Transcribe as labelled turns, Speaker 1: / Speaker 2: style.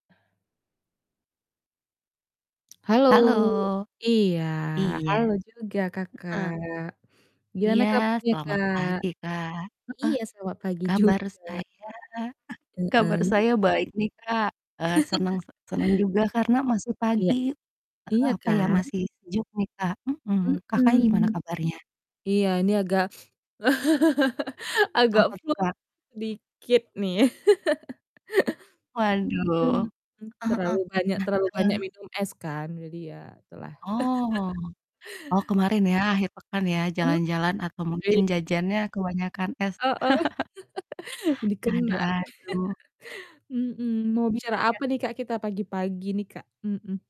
Speaker 1: Halo,
Speaker 2: Halo.
Speaker 1: iya,
Speaker 2: Iya.
Speaker 1: halo juga, Kakak.
Speaker 2: Heeh.
Speaker 1: Gimana
Speaker 2: Iya.
Speaker 1: kabarnya
Speaker 2: Selamat
Speaker 1: Kak?
Speaker 2: pagi, Kak. Heeh.
Speaker 1: Iya selamat pagi
Speaker 2: Kabar
Speaker 1: juga.
Speaker 2: saya kabar
Speaker 1: Heeh.
Speaker 2: saya baik nih, Kak. Eee, senang se senang juga karena masih
Speaker 1: Iya.
Speaker 2: pagi, eee,
Speaker 1: Iya,
Speaker 2: apa ya
Speaker 1: kan.
Speaker 2: masih sejuk nih, Kak, mhm. Kakak gimana
Speaker 1: Hmm.
Speaker 2: kabarnya?
Speaker 1: Iya ini agak agak
Speaker 2: Apa tuh,
Speaker 1: flu
Speaker 2: Kak?
Speaker 1: dikit nih.
Speaker 2: Waduh,
Speaker 1: Hmm, terlalu
Speaker 2: heeh heeh.
Speaker 1: banyak
Speaker 2: Nah
Speaker 1: terlalu banyak
Speaker 2: heeh.
Speaker 1: minum es kan, jadi ya gitulah.
Speaker 2: Oh. Oh kemarin ya, akhir pekan ya,
Speaker 1: Hmm,
Speaker 2: jalan-jalan atau
Speaker 1: oke.
Speaker 2: mungkin jajannya kebanyakan es.
Speaker 1: Heeh. di
Speaker 2: Aduh
Speaker 1: kenar,
Speaker 2: aduh.
Speaker 1: hmm. Mau bicara
Speaker 2: Iya.
Speaker 1: apa nih, Kak, kita pagi-pagi nih, Kak? Mhm.